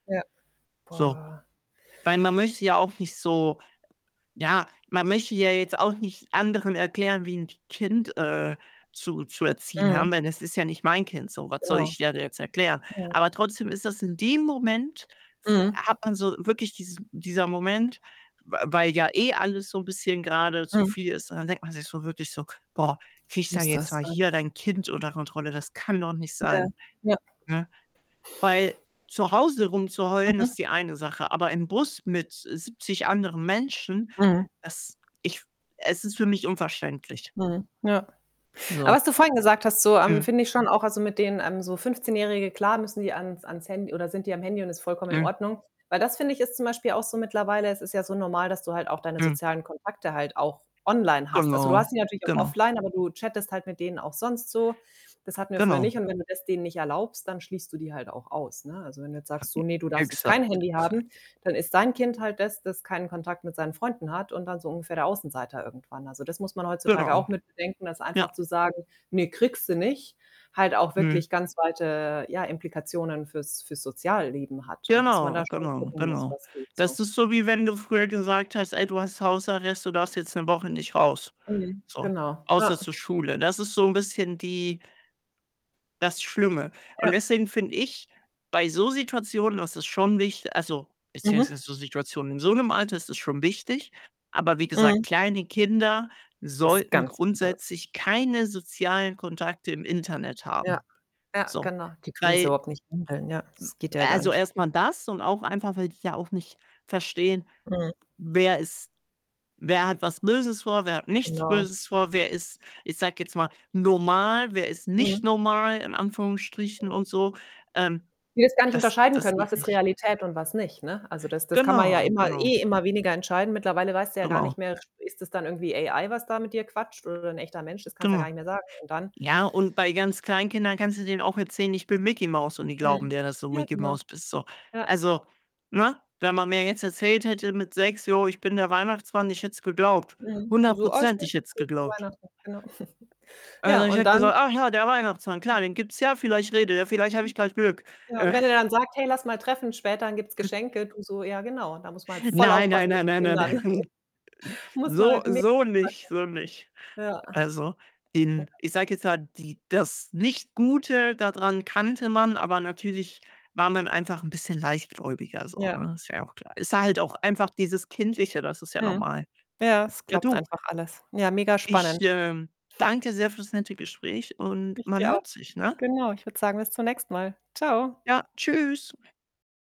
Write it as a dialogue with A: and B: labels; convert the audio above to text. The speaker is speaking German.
A: Ja.
B: So.
A: Boah.
B: Weil man möchte ja auch nicht so ja, man möchte ja jetzt auch nicht anderen erklären, wie 'n Kind, äh, zu zu erziehen
A: Mhm.
B: haben, denn es ist ja nicht mein Kind so. Was soll
A: Genau.
B: ich der da jetzt erklären?
A: Mhm.
B: Aber trotzdem ist das in dem Moment f
A: Mhm.
B: hat man so wirklich diesen dieser Moment, w weil ja eh alles so 'n bisschen grade zu
A: Mhm.
B: viel ist, und dann denkt man sich so wirklich so: „Boah, krieg da
A: Muss
B: jetzt
A: das
B: mal
A: sein?
B: hier dein Kind unter Kontrolle.“ Das kann doch nicht
A: Ja,
B: sein,
A: ja.
B: ne? Weil zu Hause rumzuheulen
A: Mhm.
B: ist die eine Sache, aber im Bus mit 70 anderen Menschen,
A: Mhm.
B: das ich es ist für mich unverständlich.
A: Mhm, ja. Aber
B: So.
A: was du vorhin gesagt hast, so, ähm,
B: Mhm.
A: finde ich schon auch also, mit denen, ähm, so Fünfzehnjährige klar, müssen die ans ans Handy oder sind die am Handy und ist vollkommen in
B: Mhm.
A: Ordnung. Weil das, finde ich, ist zum Beispiel auch so mittlerweile es ist ja so normal, dass du halt auch deine
B: Mhm.
A: sozialen Kontakte halt auch online hast. Also, du
B: Genau,
A: hast die natürlich auch
B: genau.
A: offline, aber du chattest halt mit denen auch sonst so. Das hatten wir früher
B: Genau.
A: nicht und wenn du das denen nicht erlaubst, dann schließt du die halt auch aus, ne? Also, wenn du jetzt sagst: „So, ne,
B: [unintelligible]
A: du darfst jetzt kein
B: Exakt,
A: Handy haben“,
B: exakt.
A: dann ist dein Kind halt das, das keinen Kontakt mit seinen Freunden hat und dann so ungefähr der Außenseiter irgendwann. Also, das muss man heutzutage
B: Genau,
A: auch mit bedenken, dass
B: ja.
A: einfach zu sagen: „Ne, kriegst du nicht“, halt auch
B: Mhm.
A: wirklich ganz weite, ja, Implikationen fürs fürs Sozialleben hat und dass man
B: Genau,
A: da schon
B: genau,
A: gucken muss,
B: genau.
A: was geht
B: Das
A: so.
B: ist so, wie wenn du früher gesagt hast: „Ey, du hast Hausarrest, du darfst jetzt 'ne Woche nicht raus.“
A: Mhm.
B: So,
A: Genau.
B: außer
A: Ja.
B: zur Schule. Das ist so 'n bisschen die das Schlimme und
A: Ja.
B: deswegen finde ich bei so Situationen, das ist schon wicht also,
A: Mhm.
B: beziehungsweise so Situationen in so 'nem Alter ist das schon wichtig. Aber wie gesagt,
A: Mhm.
B: kleine Kinder
A: Was
B: sollten
A: ganz anderes.
B: grundsätzlich keine sozialen Kontakte im Internet
A: Ja,
B: haben.
A: ja,
B: So.
A: genau. Die können es
B: Weil m
A: überhaupt nicht händeln, ja. Es geht ja gar
B: also,
A: nicht.
B: erstmal das und auch einfach, weil die ja auch nicht verstehen,
A: Mhm.
B: wer ist wer hat was Böses vor, wer hat nichts
A: Genau.
B: Böses vor? Wer ist, ich sage jetzt mal, normal, wer ist nicht
A: Mhm.
B: normal in Anführungsstrichen und
A: Mhm.
B: so? Ähm,
A: Die es gar nicht
B: das
A: unterscheiden
B: das
A: können: „Was
B: geht
A: ist
B: nicht.
A: Realität und was nicht.“ Ne? Also, das das kann man ja
B: Genau,
A: immer
B: genau.
A: eh immer weniger entscheiden. Mittlerweile weißt du ja gar
B: Genau.
A: nicht mehr: [unintelligible] „Ist das dann irgendwie AI, was da mit dir quatscht, oder ein echter Mensch?“ Das kannst du ja
B: Genau.
A: gar nicht mehr sagen und dann
B: Ja, und bei ganz kleinen Kindern kannst du denen auch erzählen: „Ich bin Micky Maus“, und die glauben
A: Mhm.
B: dir, dass du
A: Ja,
B: Micky
A: genau.
B: Maus bist, so.
A: Ja.
B: Also, ne, wenn man mir jetzt erzählt hätte mit 6: „Jo, ich bin der Weihnachtsmann“, ich hätte es geglaubt
A: Mhm, du
B: hundert
A: so: „Oh
B: Prozent,
A: schön,
B: ich hätte
A: das
B: es
A: [unintelligible] zu
B: geglaubt.
A: Weihnachten.“ Genau. Ja,
B: Also, ich
A: und
B: hätte
A: dann
B: gesagt: „Ah ja, der Weihnachtsmann,
A: Hm.
B: klar, den gibt's ja, vielleicht redet er, vielleicht habe ich
A: [unintelligible]
B: grad Glück.“
A: Ja, und wenn er dann sagt: „Hey, lass mal treffen später, dann gibt's
B: [unintelligible]
A: Geschenke.“ Du so: „Ja genau, da muss man halt voll
B: Nein, nein,
A: aufpassen mit
B: nein,
A: den
B: nein, nein,
A: Kindern.“
B: nein.
A: Muss man
B: So
A: halt,
B: so
A: [unintelligible]
B: nicht so nicht.
A: ja.
B: Also,
A: Ja.
B: den ich sage jetzt mal, die das nicht Gute da dran kannte man, aber natürlich war man einfach 'n bisschen leichtgläubiger so,
A: Ja.
B: ne? Ist ja auch klar. Ist halt auch einfach dieses Kindliche, das ist ja
A: Mhm.
B: normal.
A: Ja, es
B: Ja,
A: klappt
B: du
A: einfach alles. Ja, mega
B: ich,
A: spannend.
B: ähm, danke sehr fürs nette Gespräch und
A: Ich
B: man
A: dir auch.
B: hört sich, ne?
A: Genau, ich würde sagen bis zunächst mal. Tschau.
B: Ja, tschüss.